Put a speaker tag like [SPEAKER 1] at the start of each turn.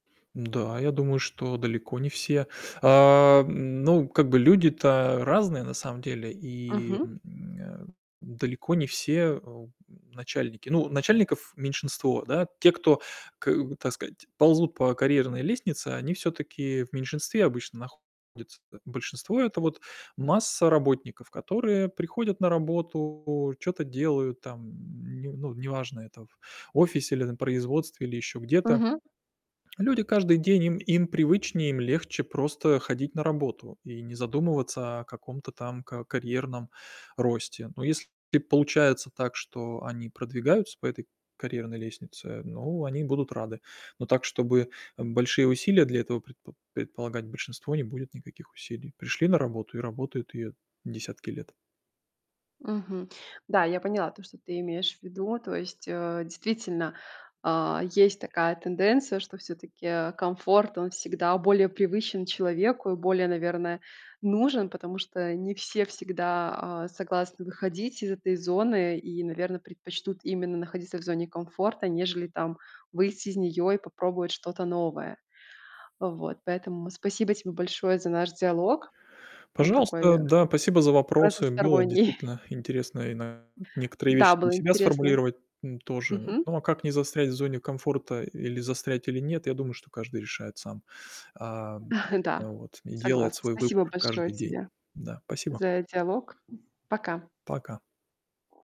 [SPEAKER 1] Н-да, я думаю, что далеко не все. Ам, ну как бы люди-то разные, на самом деле, и,
[SPEAKER 2] Мгм.
[SPEAKER 1] м, далеко не все, э, у, м, начальники. Ну начальников меньшинство, да. Те, кто к так сказать, ползут по карьерной лестнице, они всё-таки в меньшинстве обычно находятся-то. Большинство- это вот масса работников, которые приходят на работу, чё-то делают там не ну неважно, это в офисе или на производстве, или ещё где-то.
[SPEAKER 2] Мгм.
[SPEAKER 1] Люди каждый день им им привычнее, им легче просто ходить на работу и не задумываться о каком-то там ка карьерном росте. Но если получается так, что они продвигаются по этой карьерной лестнице, ну они будут рады. Но так, чтобы, э, большие усилия для этого предпо предполагать, большинство не будет никаких усилий. Пришли на работу и работают её десятки лет.
[SPEAKER 2] Мгм. Да, я поняла то, что ты имеешь в виду. То есть, э, действительно, а, есть такая тенденция, что всё-таки комфорт, он всегда более привычен человеку и более, наверное, нужен. Потому что не все всегда, а, согласны выходить из этой зоны и, наверно, предпочтут именно находиться в зоне комфорта, нежели там выйти из неё и попробовать что-то новое. Вот, поэтому спасибо тебе большое за наш диалог. Он такой
[SPEAKER 1] Пожалуйста, да, спасибо за вопросы. Было
[SPEAKER 2] разносторонний.
[SPEAKER 1] действительно интересно и на некоторые вещи
[SPEAKER 2] Да,
[SPEAKER 1] для
[SPEAKER 2] было
[SPEAKER 1] себя
[SPEAKER 2] интересно.
[SPEAKER 1] сформулировать, м, тоже.
[SPEAKER 2] Мгм.
[SPEAKER 1] Ну а как не застрять в зоне комфорта, или застрять или нет, я думаю, что каждый решает сам. Ам, э,
[SPEAKER 2] Да,
[SPEAKER 1] вот. И делает
[SPEAKER 2] согласна.
[SPEAKER 1] свой
[SPEAKER 2] Спасибо
[SPEAKER 1] выбор
[SPEAKER 2] большое
[SPEAKER 1] каждый день.
[SPEAKER 2] тебе
[SPEAKER 1] Да, спасибо.
[SPEAKER 2] за диалог. Пока.
[SPEAKER 1] Пока.